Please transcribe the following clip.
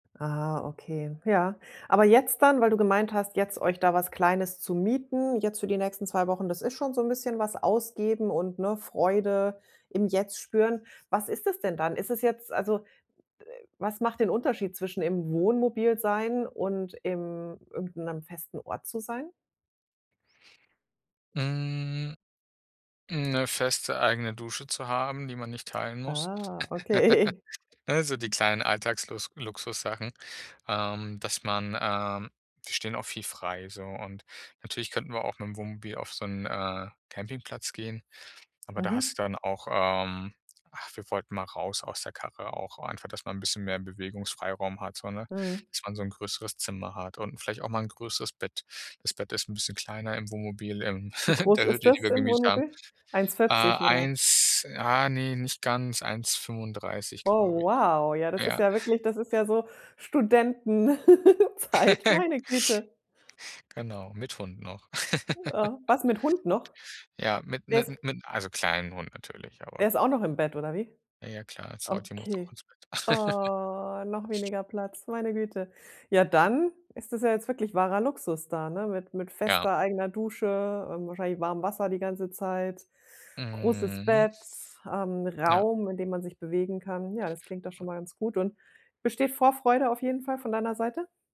Ah, okay, ja. Aber jetzt dann, weil du gemeint hast, jetzt euch da was Kleines zu mieten, jetzt für die nächsten 2 Wochen, das ist schon so 'n bisschen was ausgeben und, ne, Freude im Jetzt spüren. Was ist das denn dann? Ist es jetzt also, was macht den Unterschied zwischen im Wohnmobil sein und im irgend 'nem festen Ort zu sein? Mhm, 'ne feste, eigene Dusche zu haben, die man nicht teilen muss. Ah okay. Äh, so die kleinen Alltagslus Luxussachen, ähm, dass man, ähm wir stehen auch viel frei so und natürlich könnten wir auch mit'm Wohnmobil auf so 'n, äh, Campingplatz gehen, aber da Mhm. hast du dann auch, ähm ach, wir wollten mal raus aus der Karre auch, einfach, dass man 'n bisschen mehr Bewegungsfreiraum hat so, ne? Mhm. Dass man so 'n größeres Zimmer hat und 'n vielleicht auch mal 'n größeres Bett. Das Bett ist 'n bisschen kleiner im Wohnmobil, ähm, Wie in groß der ist Hütte, die das wir im gemietet haben. Wohnmobil? eins Äh, vierzig oder? 1 ah ne, nicht ganz, 1,35 glaube Oh ich. wow, ja das ist Ja. ja wirklich das ist ja so Studentenzeit, meine Güte. Genau, mit Hund noch. Was mit Hund noch? Ja, mit Der ist mit mit also kleinen Hund natürlich, Der aber ist auch noch im Bett oder wie? Na ja klar, „Salty“ muss auch Okay. ins Bett. Oh, noch weniger Platz, meine Güte. Ja, dann ist das ja jetzt wirklich wahrer Luxus da, ne? Mit mit Ja. fester eigener Dusche, ähm, wahrscheinlich warmen Wasser die ganze Zeit, großes Mhm. Bett, ähm, Ja. Raum, in dem man sich bewegen kann. Ja, das klingt doch Ja. schon mal ganz gut. Und besteht Vorfreude auf jeden Fall von deiner Seite?